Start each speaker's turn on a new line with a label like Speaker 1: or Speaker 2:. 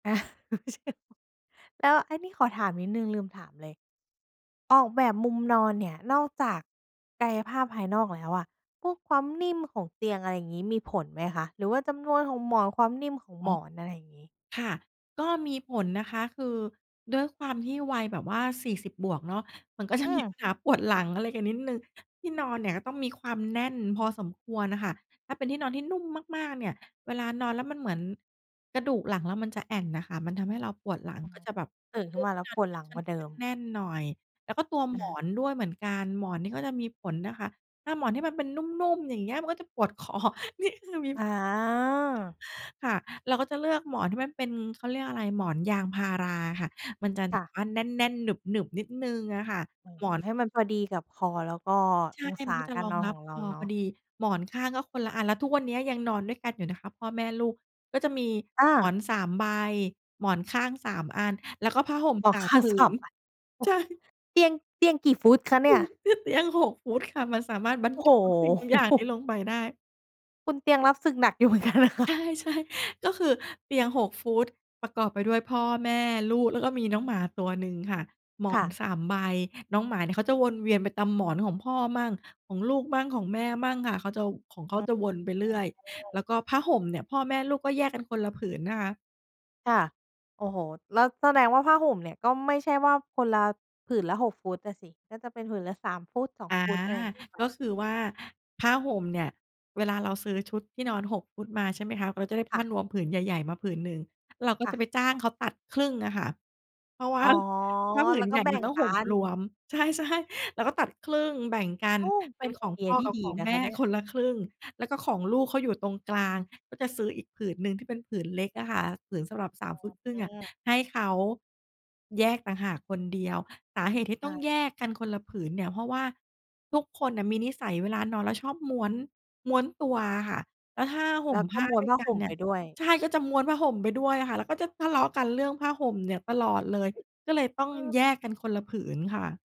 Speaker 1: อะ [unintelligible] แล้ว อันนี้ขอถามนิดหนึ่ง ลืมถามเลย ออกแบบมุมนอนเนี่ย นอกจากกายภาพภายนอกแล้วอะ พวกความนิ่มของเตียง อะไรงี้ มีผลไหมคะ? หรือว่าจำนวนของหมอน ความนิ่มของ
Speaker 2: อ๋
Speaker 1: ห
Speaker 2: อ
Speaker 1: มอน อะไรอย่างงี้
Speaker 2: ค่ะ ก็มีผลนะคะ คือด้วยความที่วัยแบบว่า 40 บวกเนาะ มัน ก็จ
Speaker 1: อ
Speaker 2: ะ
Speaker 1: ื
Speaker 2: มี ป
Speaker 1: ม
Speaker 2: ัญหาปวดหลังอะไรกันนิดหนึ่ง ที่นอนเนี่ยก็ต้องมีความแน่นพอสมควรอะค่ะ ถ้าเป็นที่นอนที่นุ่มมาก ๆ เนี่ย เวลานอนแล้ว มันเหมือนกระดูกหลังเรามันจะแอ่นน่ะค่ะ มันทำให้เราปวดหลัง
Speaker 1: อ๋อ
Speaker 2: ก็จะแบบ
Speaker 1: ตื่นข
Speaker 2: เล
Speaker 1: ึ้
Speaker 2: ื
Speaker 1: น
Speaker 2: อ
Speaker 1: ม
Speaker 2: ก
Speaker 1: า
Speaker 2: ท
Speaker 1: แล
Speaker 2: ี่
Speaker 1: ้ว
Speaker 2: นอ
Speaker 1: ป
Speaker 2: นท
Speaker 1: ว
Speaker 2: ี
Speaker 1: ด
Speaker 2: ่
Speaker 1: ห
Speaker 2: ม
Speaker 1: ล
Speaker 2: ั
Speaker 1: ั
Speaker 2: น
Speaker 1: ง
Speaker 2: ค
Speaker 1: ก
Speaker 2: ่อ
Speaker 1: ว
Speaker 2: น
Speaker 1: ่าเดิ
Speaker 2: ข้า
Speaker 1: ม
Speaker 2: งแน่นหน่อย แล้วก็ตัว
Speaker 1: อ
Speaker 2: หม
Speaker 1: า
Speaker 2: อนด้วยเหมือนกัน หมอนนี่ก็จะมีผลนะคะ ถ้าหมอนที่มันเป็นนุ่ม ๆ อย่างเงี้ย มันก็จะปวด คอ นี่ คือมี
Speaker 1: อา
Speaker 2: ค่ะ เราก็จะเลือกหมอนที่มันเป็น เขาเรียกอะไร หมอนยางพาราอะค่ะ มันจะแ
Speaker 1: ค
Speaker 2: บ
Speaker 1: ่
Speaker 2: บ
Speaker 1: ะ
Speaker 2: ว่าแน่น ๆ หนึบ ๆ นิดหนึ่งอะค่ะ
Speaker 1: อ๋อ
Speaker 2: หมอน
Speaker 1: ให้มันพอดีกับคอ แล้วก็
Speaker 2: ใช
Speaker 1: อ
Speaker 2: ่
Speaker 1: งศ
Speaker 2: มั
Speaker 1: า
Speaker 2: นก็จะ
Speaker 1: กา
Speaker 2: ร
Speaker 1: ร
Speaker 2: อ
Speaker 1: น
Speaker 2: ง
Speaker 1: อน
Speaker 2: ร
Speaker 1: ข
Speaker 2: ับ
Speaker 1: องเร
Speaker 2: ค
Speaker 1: า
Speaker 2: อ
Speaker 1: เนา
Speaker 2: พอ
Speaker 1: ะ
Speaker 2: ดี หมอนข้างก็คนละอัน แล้วทุกวันเนี้ยยังนอนด้วยกันอยู่นะคะ พ่อแม่ลูก ก็จะมี
Speaker 1: อ
Speaker 2: หมอ
Speaker 1: า
Speaker 2: น 3 ใบ หมอนข้าง 3 อัน แล้วก็ผ้าห่ม
Speaker 1: หม
Speaker 2: ส
Speaker 1: อน
Speaker 2: า
Speaker 1: ข
Speaker 2: ม
Speaker 1: ้าง
Speaker 2: ผื
Speaker 1: สา
Speaker 2: น
Speaker 1: ม อัน โอ้
Speaker 2: ใช
Speaker 1: โ
Speaker 2: ่
Speaker 1: ฮ เตียง เตียงกี่ฟุตคะเ
Speaker 2: ค
Speaker 1: นี
Speaker 2: ื
Speaker 1: ่
Speaker 2: อ
Speaker 1: ย?
Speaker 2: คือเตียง 6 ฟุตค่ะ มันสามารถบรร
Speaker 1: โอ้
Speaker 2: จ
Speaker 1: โ
Speaker 2: ุทุกสิ่งทุกอย่าง
Speaker 1: ฮ
Speaker 2: นี้ลงไปได้
Speaker 1: คุณเตียงรับศึกหนักอยู่ เหมือนกันนะค
Speaker 2: ใ
Speaker 1: ะ
Speaker 2: ช่ ๆ ก็คือ เตียง 6 ฟุต ประกอบไปด้วยพ่อแม่ลูก แล้วก็มีน้องหมาตัวหนึ่งค่ะ หม
Speaker 1: ค
Speaker 2: อ
Speaker 1: ่
Speaker 2: ง
Speaker 1: ะ
Speaker 2: 3 ใบ น้องหมาเนี่ย เขาจะวนเวียนไปตามหมอนของพ่อมั่ง ของลูกมั่ง ของแม่มั่งค่ะ เขาจะ ว ของ เข
Speaker 1: อ
Speaker 2: า
Speaker 1: ืม
Speaker 2: จะวนไปเรื่อย
Speaker 1: อืม
Speaker 2: แล้วก็ผ้าห่มเนี่ย พ่อแม่ลูกก็แยกกันคนละผืนนะคะ
Speaker 1: ค่ะ โอ้โฮ แล้วแสดงว่าผ้าห่มเนี่ย ก็ไม่ใช่ว่า คนละ ผืนละ 6 ฟุตน่ะสิ ก็จะเป็นผืนละ 3 ฟุต 2
Speaker 2: อา
Speaker 1: ฟุต อะไรอย่างงี้ไป
Speaker 2: ก็คือว่าผ้าห่มเนี่ย เวลาเราซื้อชุดที่นอน 6 ฟุตมาใช่ไหมคะ เราจะได้
Speaker 1: ค
Speaker 2: ผ
Speaker 1: ่
Speaker 2: ้
Speaker 1: ะ
Speaker 2: านวมผืนใหญ่ ๆ มาผืนหนึ่ง เราก็
Speaker 1: ค่
Speaker 2: จะ
Speaker 1: ะ
Speaker 2: ไปจ้างเขาตัดครึ่งอะค่ะ เพราะว่
Speaker 1: อ
Speaker 2: า
Speaker 1: ๋อ
Speaker 2: ผ้าผื
Speaker 1: แล้
Speaker 2: น
Speaker 1: วก
Speaker 2: ใ
Speaker 1: ็
Speaker 2: หญ่
Speaker 1: แบ่
Speaker 2: มัน
Speaker 1: ง
Speaker 2: ต้อง
Speaker 1: ก
Speaker 2: ห
Speaker 1: ั
Speaker 2: ่ม
Speaker 1: น
Speaker 2: รวม ใช่ ๆ เราก็ตัดครึ่ง แบ่งกัน
Speaker 1: โอ้ เป
Speaker 2: เป็
Speaker 1: ็น
Speaker 2: น
Speaker 1: ไ
Speaker 2: ข
Speaker 1: อ
Speaker 2: อง
Speaker 1: เดี
Speaker 2: พ
Speaker 1: ย
Speaker 2: ่อ
Speaker 1: ที่
Speaker 2: กับ
Speaker 1: ด
Speaker 2: ข
Speaker 1: ี
Speaker 2: อง
Speaker 1: นะ
Speaker 2: แม
Speaker 1: คะ
Speaker 2: ่
Speaker 1: เนี่ย
Speaker 2: คนละครึ่ง แล้วก็ของลูก เขาอยู่ตรงกลาง ก็จะซื้ออีกผืนหนึ่งที่เป็นผืนเล็กอะค่ะ ผืนสำหรับ ส
Speaker 1: อ
Speaker 2: า
Speaker 1: ๋
Speaker 2: ม
Speaker 1: อ
Speaker 2: ฟุตครึ่
Speaker 1: อื
Speaker 2: งอะ
Speaker 1: ม
Speaker 2: ให้เขา แยกต่างหากคนเดียว สาเหตุที่ต
Speaker 1: อ
Speaker 2: ้อง
Speaker 1: า
Speaker 2: แยกกันคนละผืนเนี่ย เพราะว่าทุกคนน่ะมีนิสัยเวลานอนแล้วชอบม้วน ม้วนตัวอะค่ะ แล้วห้าห
Speaker 1: แ
Speaker 2: ่
Speaker 1: ล
Speaker 2: ม
Speaker 1: ้วก
Speaker 2: ผ
Speaker 1: ็
Speaker 2: ้า
Speaker 1: ม้วน
Speaker 2: ด้วย
Speaker 1: ผ้า
Speaker 2: กั
Speaker 1: ห
Speaker 2: น
Speaker 1: ่ม
Speaker 2: เน
Speaker 1: ไ
Speaker 2: ี
Speaker 1: ป
Speaker 2: ่ย
Speaker 1: ด้วย
Speaker 2: ใช่ ก็จะม้วนผ้าห่มไปด้วยอะค่ะ แล้วก็จะทะเลาะกันเรื่องผ้าห่มเนี่ยตลอดเลย ก็เลยต้อง
Speaker 1: คือ
Speaker 2: แยกกันคนละผืนค่ะ